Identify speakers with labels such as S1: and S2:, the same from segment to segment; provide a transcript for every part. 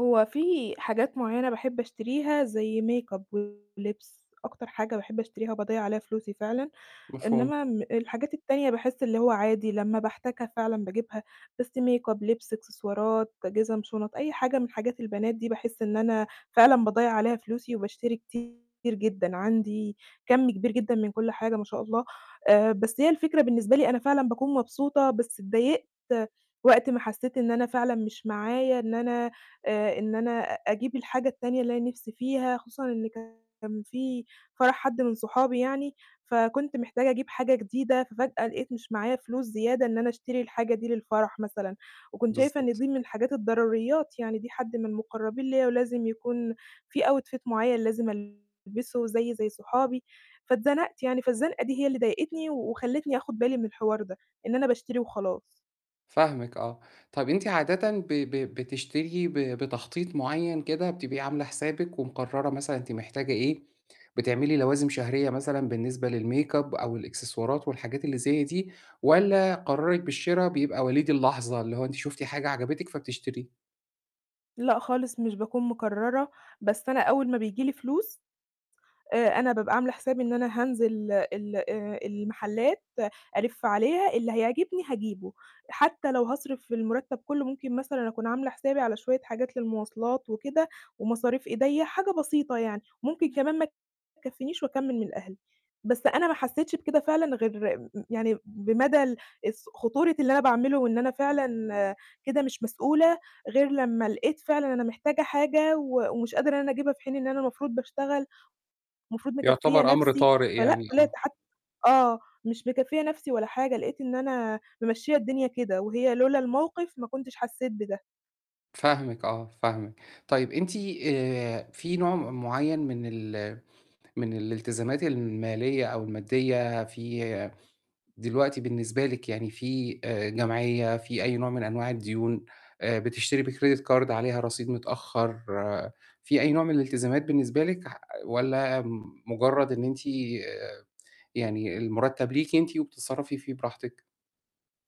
S1: هو في حاجات معيّنة باحب أشتريها زي makeup ولِبس، أكتر حاجة باحب أشتريها وباضيّع عليها فلوسي فعلًا.
S2: مفهوم.
S1: إنمّا الحاجات التانية باحس اللي هو عادي لمّا باحتاجها فعلًا باجيبها، بس makeup، لِبس، إكسسوارات، جِزم، شُنط، أي حاجة من حاجات البنات دي باحس إن أنا فعلًا باضيّع عليها فلوسي وباشتري كتير جدًا، عندي كَم كبير جدًا من كلّ حاجة ما شاء الله. آآ بس هي الفكرة بالنسبة لي أنا فعلًا باكون مبسوطة، بس اتضايقت وقت ما حسّيت إن أنا فعلًا مش معايا إن أنا آآ، إن أنا أجيب الحاجة التانية اللي أنا نِفْسي فيها، خصوصًا إن كان في فرَح حَد من صحابي يعني، فكنت محتاجة أجيب حاجة جديدة، ففجأة لقيت مش معايا فلوس زيادة إن أنا أشتري الحاجة دي للفَرَح مثلًا، وكنت شايفة إن
S2: بالضبط.
S1: دي من الحاجات الضروريّات، يعني دي حَد من المقرّبين ليّا ولازم يكون في outfit معيّن لازم ألبسه، زيّي زي صحابي، فاتزنقت يعني، فالزنقة دي هي اللي ضايقتني وخلّتني آخُد بالي من الحوار ده، إن أنا باشتري وخلاص.
S2: فاهمِك آه، طَب أنتِ عادةً ب ب بتشتري ب بتخطيط معيّن كده، بتبقي عاملة حسابِك ومقررة مثلًا أنتِ محتاجة إيه، بتعملي لوازم شهرية مثلًا بالنسبة للmakeup أو الإكسسوارات والحاجات اللي زي دي؟ والّا قرارِك بالشرا بيبقى وليد اللحظة اللي هو أنتِ شُفتِ حاجة عجبِتِك فبتشتري؟
S1: لأ خالص مش باكون مقررة، بس أنا أول ما بييجي لي فلوس آآ، أنا بابقى عاملة حسابي إن أنا هانزل ال آآ المحلات ألِف عليها اللي هيعجبني هاجيبه، حتّى لو هاصرف فيه المُرتّب كله، ممكن مثلًا أكون عاملة حسابي على شوية حاجات للمواصلات وكده ومصاريف إيديَّه حاجة بسيطة يعني، ممكن كمان ما تكفّنيش وأكمّل من أهلي. بس أنا ما حسّيتش بكده فعلًا غير م يعني بمدى ال الس خطورة اللي أنا باعمله وإن أنا فعلًا كده مش مسؤولة غير لمّا لقيت فعلًا أنا محتاجة حاجة و ومش قادرة إن أنا أجيبها في حين إن أنا المفروض باشتغل، المفروض مكفّية
S2: يعتبر أمر
S1: نَفْسي،
S2: طارئ
S1: فلأ
S2: يعني،
S1: طلِعت
S2: آه.
S1: حتّى آه، مش مكفّية نَفْسي ولا حاجة لقيت إن أنا مِمشّية الدنيا كده، وهي لولا الموقِف ما كنتش حسّيت بده.
S2: فاهمِك آه، فاهمِك. طيب أنتِ آآ في نوع م معيّن من ال من الالتزامات المالية أو المادية في دلوقتي بالنسبة لِك يعني في آآ جمعية، في أي نوع من أنواع الديون، بتشتري بcredit card عليها رصيد متأخّر، في أي نوع من الالتزامات بالنسبة لِك؟ ح والّا مجرّد إن أنتِ يعني المُرتّب ليكِ أنتِ وبتتصرّفي فيه براحتِك؟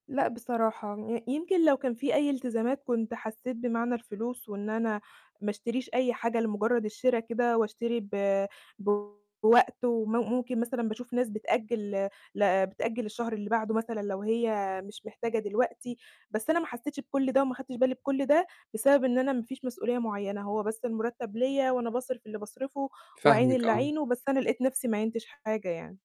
S1: لأ بصراحة، ي يمكن لو كان في أي التزامات كنت حسّيت بمعنى الفلوس وإن أنا ما اشتريش أي حاجة لمجرّد الشرا كده وأشتري ب بوقت وم ممكن مثلًا باشوف ناس بتأجّل ل بتأجّل للشهر اللي بعده مثلًا لو هي مش محتاجة دلوقتي، بس أنا ما حسّيتش بكلّ ده وما خدتش بالي بكلّ ده، بسبب إن أنا ما فيش مسؤولية معيّنة، هو بس المُرتّب ليّا وأنا باصرف اللي باصرفه واعين
S2: فاهمِك
S1: اللي
S2: آه.
S1: اعينه، بس أنا لقيت نَفْسي ما عينتش حاجة يعني.